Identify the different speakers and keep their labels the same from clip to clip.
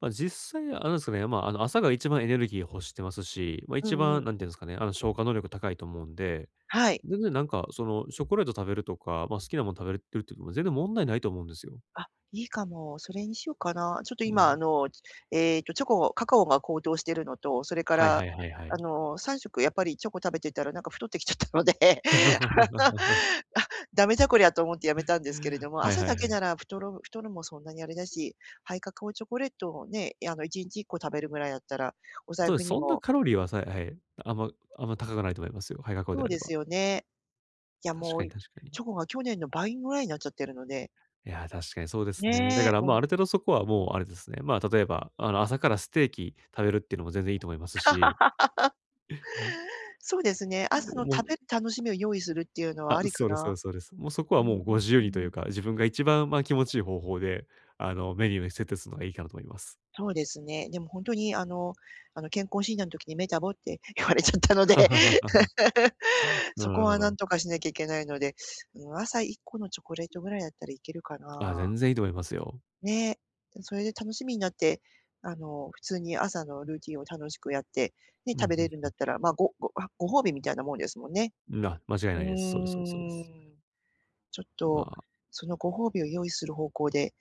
Speaker 1: ま、実際あれなんですかね、ま、あの、朝が一番エネルギーを欲してますし、ま、
Speaker 2: う
Speaker 1: 一
Speaker 2: んうん。
Speaker 1: 番何て言うんですかね、あの、消化能力高いと思うんで、
Speaker 2: はい。
Speaker 1: 全然なんか、その、チョコレート食べるとか、ま、好きなもの食べるっていうのも全然問題ないと思うんですよ。
Speaker 2: あ、いいかも。それにしようかな。ちょっと
Speaker 1: う
Speaker 2: 今あ
Speaker 1: ん。
Speaker 2: の、ええとチョコカカオが高騰しているのと、それか
Speaker 1: はい
Speaker 2: ら、
Speaker 1: はいはいは
Speaker 2: あ
Speaker 1: い。
Speaker 2: の、3食やっぱりチョコ食べてたらなんか太ってきちゃったので、あ、だめだこりゃと思ってやめた んですけれども、
Speaker 1: はい
Speaker 2: 朝
Speaker 1: は
Speaker 2: だ
Speaker 1: い
Speaker 2: け
Speaker 1: はい。
Speaker 2: なら太る太るもそんなにあれだし、ハイカカオチョコレートをね、いあの、1日1個食べるぐらいだったら、お財
Speaker 1: そうで
Speaker 2: 布
Speaker 1: す、
Speaker 2: に
Speaker 1: そんな
Speaker 2: も
Speaker 1: カロリーはさえはい、あんまあんま高くないと思いますよ。ハイカカオで
Speaker 2: そう
Speaker 1: あれ
Speaker 2: で
Speaker 1: ば。
Speaker 2: すよね。いや、
Speaker 1: 確
Speaker 2: も
Speaker 1: か
Speaker 2: う
Speaker 1: に確かに。
Speaker 2: チョコが去年の倍ぐらいになっちゃってるので。
Speaker 1: いや、確かにそうですね。だか
Speaker 2: ね、
Speaker 1: ら、
Speaker 2: も
Speaker 1: ま
Speaker 2: う。
Speaker 1: あ、ある程度そこはもうあれですね、ま、例えば、あの、朝からステーキ、食べるっていうのも全然いいと思いますし。
Speaker 2: そうですね。朝
Speaker 1: で
Speaker 2: の
Speaker 1: もう、
Speaker 2: 食べ
Speaker 1: う
Speaker 2: 楽しみを用意するっていうのは
Speaker 1: あ、
Speaker 2: ありか
Speaker 1: そうですそう
Speaker 2: な。
Speaker 1: ですそうです。もうそこは
Speaker 2: ううう
Speaker 1: もうご自由
Speaker 2: ー
Speaker 1: にという
Speaker 2: ん。
Speaker 1: か、自分が一番、ま、気持ちいい方法で、あの、メニューに設定するのがいいかなと思います。
Speaker 2: そうですね。でもほんとにあの、あの健康診断の時にメタボって、言われちゃったので。
Speaker 1: なるほど
Speaker 2: そ
Speaker 1: な
Speaker 2: こ
Speaker 1: るほ
Speaker 2: は
Speaker 1: ど。
Speaker 2: 何とかしなきゃいけないので、うん、朝1個のチョコレートぐらいだったらいけるか
Speaker 1: あ、
Speaker 2: な。
Speaker 1: 全然いいと思いますよ。
Speaker 2: ね、それで楽しみになって、あの、普通に朝のルーティンを楽しくやって、ね、
Speaker 1: うん、
Speaker 2: 食べ
Speaker 1: ふ
Speaker 2: れ
Speaker 1: ん
Speaker 2: るん
Speaker 1: ふ
Speaker 2: だっ
Speaker 1: ん。
Speaker 2: たら、まあごごご褒美みたいなもんですもんね。
Speaker 1: んな、間違い
Speaker 2: う
Speaker 1: ないです。そうですそうですそうです。
Speaker 2: ーん、ちょっ
Speaker 1: ま
Speaker 2: と
Speaker 1: あ。
Speaker 2: そのご褒美を用意する方向で、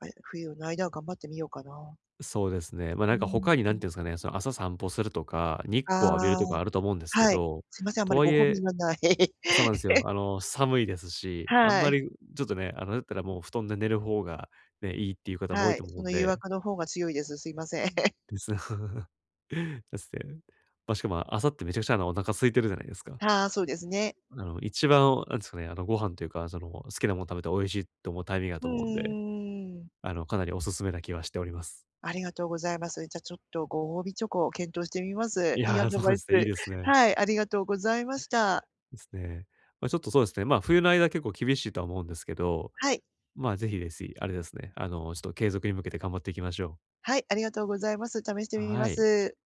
Speaker 2: ま、冬の間は頑張ってみようかな。
Speaker 1: そうですね。ま、なん
Speaker 2: う
Speaker 1: か他に何
Speaker 2: ん。
Speaker 1: て言うんですかね、その朝散歩するとか、日光を浴びる
Speaker 2: ああ、
Speaker 1: とかあると思うんですけ
Speaker 2: はい、
Speaker 1: ど、
Speaker 2: すみません、あんま
Speaker 1: と
Speaker 2: り
Speaker 1: はい
Speaker 2: ご褒美
Speaker 1: え
Speaker 2: がない。
Speaker 1: そうなんですよ。あの、寒いですし、あん
Speaker 2: は
Speaker 1: ま
Speaker 2: い。
Speaker 1: り、ちょっとね、あの、だったらもう布団で寝る方がね、いいっていう方も多い
Speaker 2: はい、
Speaker 1: と
Speaker 2: そ
Speaker 1: 思うん
Speaker 2: の誘
Speaker 1: で。
Speaker 2: 惑の方が強いです。すいません。
Speaker 1: です。ですね。ま、しかも、朝ってめちゃくちゃお腹空いてるじゃないですか？
Speaker 2: はあ、そうですね。
Speaker 1: なるほど、一番なんですかね、あの、ご飯というか、その、好きなもの食べて美味しいと思うタイミングだ
Speaker 2: う
Speaker 1: と思うんで、
Speaker 2: ーん。
Speaker 1: あの、かなりおすすめな気はしております。
Speaker 2: ありがとうございます。じゃ、ちょっとご褒美チョコを検討してみます。
Speaker 1: い
Speaker 2: いいア
Speaker 1: や、
Speaker 2: ド
Speaker 1: そう
Speaker 2: バ
Speaker 1: で
Speaker 2: イ
Speaker 1: すね、いい
Speaker 2: ス、
Speaker 1: ですね。
Speaker 2: はい、ありがとうございました。
Speaker 1: ですね、ま、ちょっとそうですね、ま、冬の間は結構厳しいとは思うんですけど、
Speaker 2: はい。
Speaker 1: ま、是非是非、あれですね、あの、ちょっと継続に向けて頑張っていきましょう。
Speaker 2: はい、ありがとうございます。試してみ
Speaker 1: は
Speaker 2: ま
Speaker 1: い。
Speaker 2: す。